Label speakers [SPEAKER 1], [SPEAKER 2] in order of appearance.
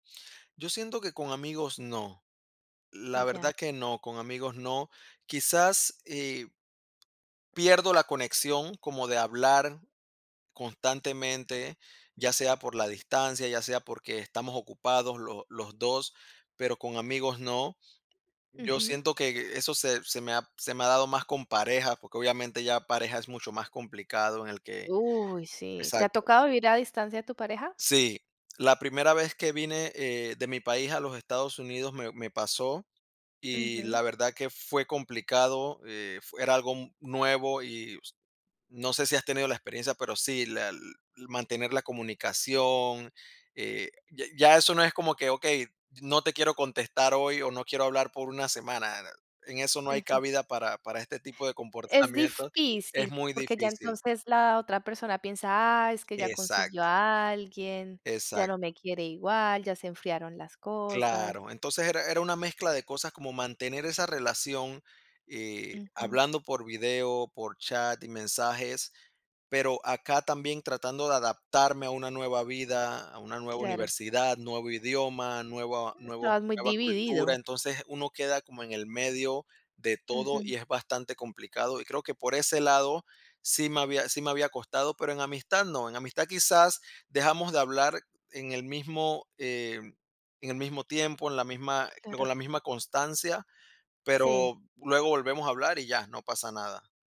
[SPEAKER 1] Yo siento que con amigos no. La verdad
[SPEAKER 2] Ya.
[SPEAKER 1] que no. Con amigos no. Quizás, eh pierdo la conexión como de hablar constantemente, ya sea por la distancia, ya sea porque estamos ocupados los los 2, pero con amigos no. Yo
[SPEAKER 2] Ujú.
[SPEAKER 1] siento que e e eso se se me ha se me ha dado más con pareja, porque obviamente ya pareja es mucho más complicado en el que
[SPEAKER 2] Uy, sí. ¿Te ha
[SPEAKER 1] exacto.
[SPEAKER 2] tocado vivir a distancia de tu pareja?
[SPEAKER 1] Sí. La primera vez que vine, eh, de mi país a los Estados Unidos me me pasó, y
[SPEAKER 2] Ujú.
[SPEAKER 1] la verdad que fue complicado, eh, fu era algo nuevo, y s no sé si has tenido la experiencia, pero sí, la mantener la comunicación, eh, ya ya eso no es como que: "Okey, no te quiero contestar hoy, o, no quiero hablar por una semana". En eso no hay
[SPEAKER 2] Ujú.
[SPEAKER 1] cabida para para este tipo de
[SPEAKER 2] Es
[SPEAKER 1] comportamientos, es
[SPEAKER 2] difícil,
[SPEAKER 1] muy
[SPEAKER 2] porque ya
[SPEAKER 1] difícil.
[SPEAKER 2] entonces la otra persona piensa: "Ah, es que ya consiguió
[SPEAKER 1] Exacto.
[SPEAKER 2] a alguien, ya no
[SPEAKER 1] Exacto.
[SPEAKER 2] me quiere igual, ya se enfriaron las cosas".
[SPEAKER 1] Claro. Entonces era era una mezcla de cosas como mantener esa relación, eh,
[SPEAKER 2] Ujú.
[SPEAKER 1] hablando por video, por chat y mensajes, pero acá también tratando de adaptarme a una nueva vida, a una nueva
[SPEAKER 2] Claro.
[SPEAKER 1] universidad, nuevo idioma, nueva
[SPEAKER 2] E
[SPEAKER 1] nuevo
[SPEAKER 2] estabas muy
[SPEAKER 1] nueva cultura.
[SPEAKER 2] dividido.
[SPEAKER 1] Entonces, uno queda como en el medio de todo
[SPEAKER 2] Ujú.
[SPEAKER 1] y es bastante complicado, y creo que por ese lado sí me había sí me había costado, pero en amistad no. En amistad quizás dejamos de hablar en el mismo, eh, en el mismo tiempo, en la misma
[SPEAKER 2] Claro.
[SPEAKER 1] con la misma constancia.
[SPEAKER 2] Sí.
[SPEAKER 1] Pero luego volvemos a hablar y ya, no pasa nada.